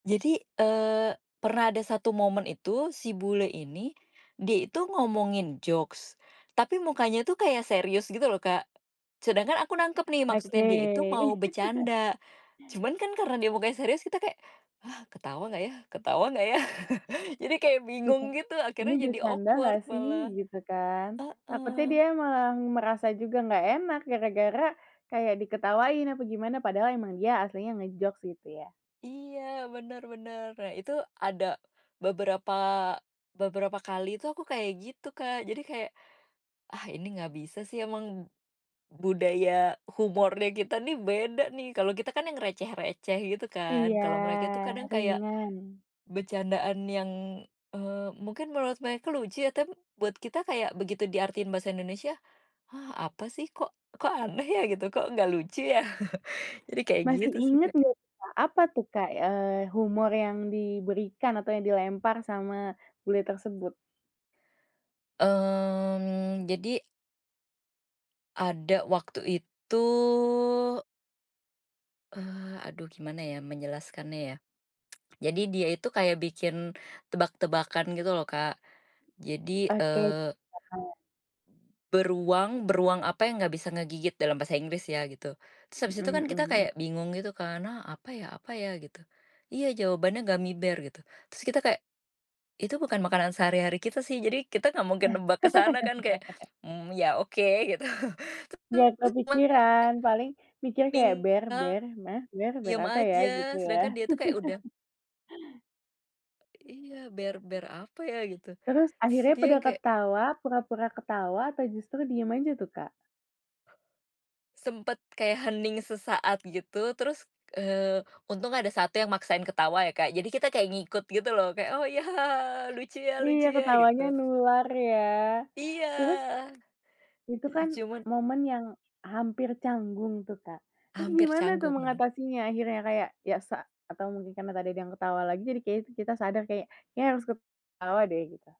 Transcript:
Jadi, eee, pernah ada 1 momen itu si bule ini, dia itu ngomongin jokes, tapi mukanya tuh kayak serius gitu loh Kak, sedangkan aku nangkep nih maksudnya Oke. dia itu mau bercanda, cuman kan karena dia mukanya serius kita kayak, "Hah, ketawa gak ya ketawa gak ya" jadi kayak bingung [unintelligible] gitu Ini akhirnya jadi bercanda awkward gak sih malah, gitu kan, takutnya heeh. dia malah merasa juga gak enak gara-gara kayak diketawain apa gimana padahal emang dia aslinya nge-jokes gitu ya. Iya benar benar, nah itu ada, beberapa beberapa kali itu aku kayak gitu Kak, jadi kayak, ah, ini nggak bisa sih emang, budaya humornya kita nih beda nih kalau kita kan yang receh receh gitu kan, Iya, kalau mereka itu kadang kayak, ringan. bercandaan yang, eee, mungkin menurut mereka lucu ya tapi buat kita kayak begitu diartiin bahasa Indonesia, hah, apa sih kok kok aneh ya gitu, kok gak lucu ya jadi kayak Masih gitu sih ingat Kak. nggak Kak? Apa tuh Kak, eee, humor yang diberikan atau yang dilempar sama bule tersebut? Mmm, jadi ada waktu itu Eee, aduh gimana ya menjelaskannya ya, jadi dia itu kayak bikin, tebak-tebakan gitu loh Kak, jadi, Oke, eee heeh "Beruang beruang apa yang gak bisa ngegigit?" dalam bahasa Inggris ya gitu, terus habis Mhm itu kan mhm kita mhm. kayak bingung gitu kan, "Hah, apa ya? Apa ya?" Gitu, iya jawabannya gummy bear gitu terus kita kayak, itu bukan makanan sehari-hari kita sih jadi kita gak mungkin nebak ke sana kan kayak, mmm, ya oke gitu terus Nggak [unintelligible] kepikiran kayak paling pikir kayak Tinggal, bear bear hah? Bear bear diem apa ya gitu aja ya? sedangkan dia itu kayak udah Iya, bear bear apa ya gitu, Terus terus akhirnya dia pada yang kayak ketawa pura-pura ketawa atau justru diam aja tuh Kak? Sempet kayak hening sesaat gitu terus, eee, untung ada 1 yang maksain ketawa ya Kak jadi kita kayak ngikut gitu loh kayak, "Oh ya hahaha, lucu ya Iya lucu ya," ketawanya gitu. nular ya, Iya, terus itu kan cuman momen yang hampir canggung tuh Kak, terus Hampir gimana tuh canggung, bener. mengatasinya akhirnya kayak biasa atau mungkin karena tadi ada yang ketawa lagi jadi kayaknya tuh kita sadar kayak kayaknya kita harus ketawa deh gitu.